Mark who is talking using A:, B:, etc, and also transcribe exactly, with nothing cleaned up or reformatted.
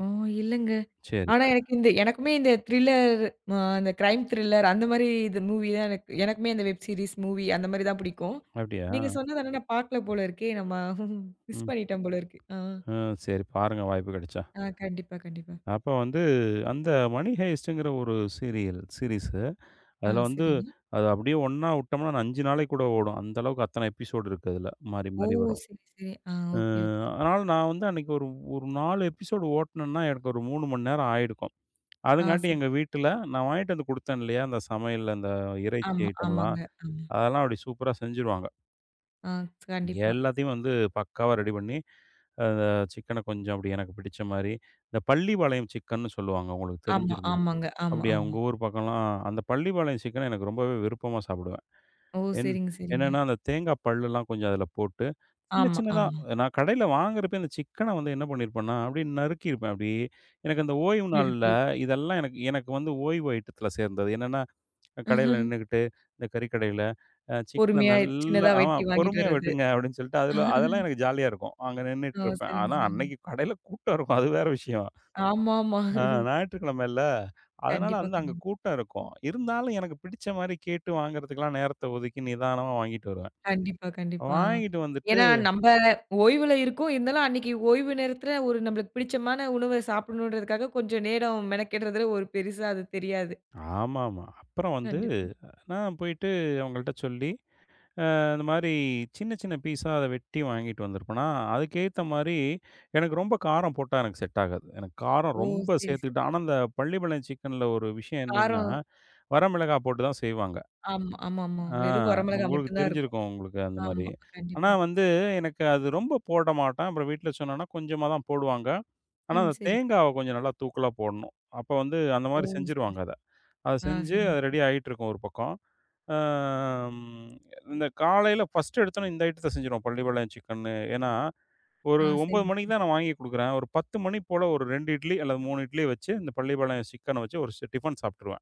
A: ஓ, இல்லைங்க.
B: சரி.
A: ஆனா, எனக்கு இந்த எனக்குமே இந்த திரில்லர், அ, இந்த க்ரைம் திரில்லர். அந்த மாரி இது, மூவி தான் எனக் எனக்குமே இந்த வெப் சீரிஸ் மூவி, அந்த மாதிரி தான் புடிக்கும்.
B: அப்டியா?
A: நீங்க சொன்னது ஆனா, நான் பார்க்கலை போல இருக்கே. நம்ம மிஸ்
B: ம்.
A: பண்ணிட்டோம் போல இருக்கு. ஆ.
B: அ, சரி பாருங்க, வாய்ப்பு கிடைச்சா.
A: ஆ, கண்டிப்பா, கண்டிப்பா.
B: அப்ப வந்து, அந்த மணி ஹைஸ்ட்ங்கிற ஒரு சீரியல் சீரிஸ்ஸு
A: ஆ,
B: அதுல வந்து,
A: சரிங்க.
B: அது அப்படியே ஒண்ணா வுட்டோம்னா, அஞ்சு நாளைக்கு கூட ஓடும். அந்த அளவுக்கு அத்தனை எபிசோடு இருக்கு, அதுல. மாறி,
A: ஓ,
B: மாறி வரும்.
A: சரி, சரி. அ, ஓகே,
B: ம்.
A: ஓகே.
B: அதனால நான் வந்து அன்னைக்கு ஒரு நாலு எபிசோடு ஓட்னேன்னா, எனக்கு ஒரு மூணு மணி நேரம் ஆயிருக்கும்.
A: அ,
B: அதுங்காட்டி,
A: சரி.
B: எங்க வீட்டுல நான் வாங்கிட்டு வந்து குடுத்தேன், இல்லையா? அந்தச் சமையல், இந்த இறைச்சி
A: ஆமா,
B: ஐட்டம்லாம்.
A: ஆமாங்க. ஆமா.
B: அதெல்லாம், அப்பிடி சூப்பரா செஞ்சுடுவாங்க.
A: அ, கண்டிப்பா.
B: எல்லாத்தையும் வந்து, பக்காவா ரெடி பண்ணி, அந்த சிக்கன கொஞ்சம் அப்பிடி எனக்குப் பிடிச்ச மாரி. இந்தப் பள்ளிபாளையம் சிக்கன்னு சொல்லுவாங்க. உங்களுக்குத்
A: ஆமா.
B: தெரிஞ்சிருக்குமே?
A: ஆமாங்க, ஆமா,
B: அப்பிடியா?
A: ஆமா.
B: உங்க ஊர் பக்கம்லாம் அ அந்தப் பள்ளிபாளையம் சிக்கன, எனக்கு ரொம்பவே விருப்பமா சாப்பிடுவேன்.
A: ஓ!
B: என்
A: சரிங்க, சரிங்க.
B: என்னனா, அந்தத் தேங்காப் பல்லுலாம் கொஞ்சம் அதுல போட்டு, சின்ன,
A: ஆமா,
B: சின்னதா.
A: ஆமா.
B: நான் கடைல வாங்குறப்பயே, அந்த சிக்கன வந்து என்ன பண்ணி இருப்பேன்னா, அப்பிடியே நறுக்கியிருப்பேன். அப்பிடியே, எனக்கு அந்த ஓய்வு
A: புரியுது,
B: நாள்ல
A: புரியுது.
B: இதெல்லாம் எனக் எனக்கு வந்து ஓய்வு ஐட்டத்துல சேர்ந்தது. என்னனா, கடைல நின்னுகிட்டு, இந்தக் கறி கடையில. அ சிக்கன
A: பொறுமையா,
B: நல்லா,
A: சின்னதா
B: ஆமா,
A: வெட்டி வாங்கிட்டு
B: பொறுமையா
A: வர்றது.
B: வெட்டுங்க. அப்பிடின்னு சொல்லிட்டு, அதுல அதெல்லாம் எனக்கு ஜாலியா இருக்கும். அங்க
A: ஓ!
B: நின்னுட்டுருப்பேன்.
A: சரிங்க,
B: ஆனா,
A: சரிங்க.
B: அன்னைக்கு கடைல கூட்டம் இருக்கும். அது வேற விஷயம்.
A: ஆமாமா.
B: அ, ஞாயிற்றுக்கிழமைல. அதனால
A: கண்டிப்பா,
B: அந்த அங்க
A: கண்டிப்பா.
B: கூட்டம் இருக்கும். இருந்தாலும், எனக்குப் பிடிச்ச மாரி கேட்டு வாங்குறதுக்குகெல்லாம் நேரத்த ஒதுக்கி, நிதானமா வாங்கிட்டு வருவேன்.
A: கண்டிப்பா, கண்டிப்பா.
B: வாங்கிட்டு வந்துட்டு
A: ஏன்னா, நம்ப ஓய்வுல இருக்கோம். இருந்தாலும், அன்னைக்கு ஓய்வு நேரத்துல, ஒரு நமக்குப் பிடிச்சமான உணவை சாப்பிடணும்கிறதுக்காகக் கொஞ்சம் நேரம் மெனக்கெடுறதுல, ஒரு பெரிசா அது தெரியாது.
B: ஆமாமா. அப்புறம் வந்து
A: கண்டிப்பா.
B: நான் போயிட்டு அவங்கள்ட்ட சொல்லி அ, இந்த மாரி சின்ன சின்ன பீஸ்ஸா அத வெட்டி வாங்கிட்டு வந்திருப்பேனா. அதுக்கு ஏத்த மாரி, எனக்கு ரொம்ப காரம் போட்டா, எனக்கு செட் ஆகாது. எனக்குக் காரம்
A: ஓ!
B: ரொம்ப
A: சரி, சரி.
B: சேர்த்துக்கிட்டா ஆனா, அந்தப் பள்ளிபாளையம் சிக்கன்ல ஒரு விஷயம் என்னன்னா,
A: காரம்
B: வர மிளகாய் போட்டுத்தான் செய்வாங்க.
A: ஆமா, ஆமாமா.
B: அ,
A: வெறும் வரமிளகாய்
B: உங்களுக்குத்
A: மட்டும்தான் இருக்கும்.
B: தெரிஞ்சிருக்கும். உங்களுக்கு அந்த மாரி.
A: ஆமா,
B: ஆனா,
A: கண்டிப்பா.
B: வந்து எனக்கு அது ரொம்ப போட மாட்டேன். அப்புறம் வீட்டுல சொன்னனா, கொஞ்சமா தான் போடுவாங்க. ஆனா,
A: ம்,
B: அந்தத்
A: சரி.
B: தேங்காவ கொஞ்சம் நல்லா தூக்கலா போடணும். அப்போ வந்து, அந்த
A: ஓ!
B: மாரி
A: சரி, சரி,
B: செஞ்சிருவாங்க, அத. அதச்
A: அ,
B: செஞ்சு, அது
A: சரிங்க.
B: ரெடி ஆயிட்டு இருக்கும், ஒரு பக்கம். அ, ம். இந்தக் காலைல ஃபஸ்ட் எடுத்தானோ, இந்த ஐட்டத்த செஞ்சுருவோம், பள்ளிபாளையம் சிக்கன்னு. ஏன்னா,
A: அ,
B: ஒரு ஒன்பது
A: சரிங்க.
B: மணிக்குத் தான்
A: சரிங்க.
B: நான் வாங்கி குடுக்கறேன். ஒரு பத்து மணிபோல, ஒரு ரெண்டு இட்லி அல்லது மூணு இட்லி வச்சு, இந்த பள்ளிபாளையம் சிக்கன வச்சு ஒரு சி டிஃபன் சாப்பிட்டுருவேன்.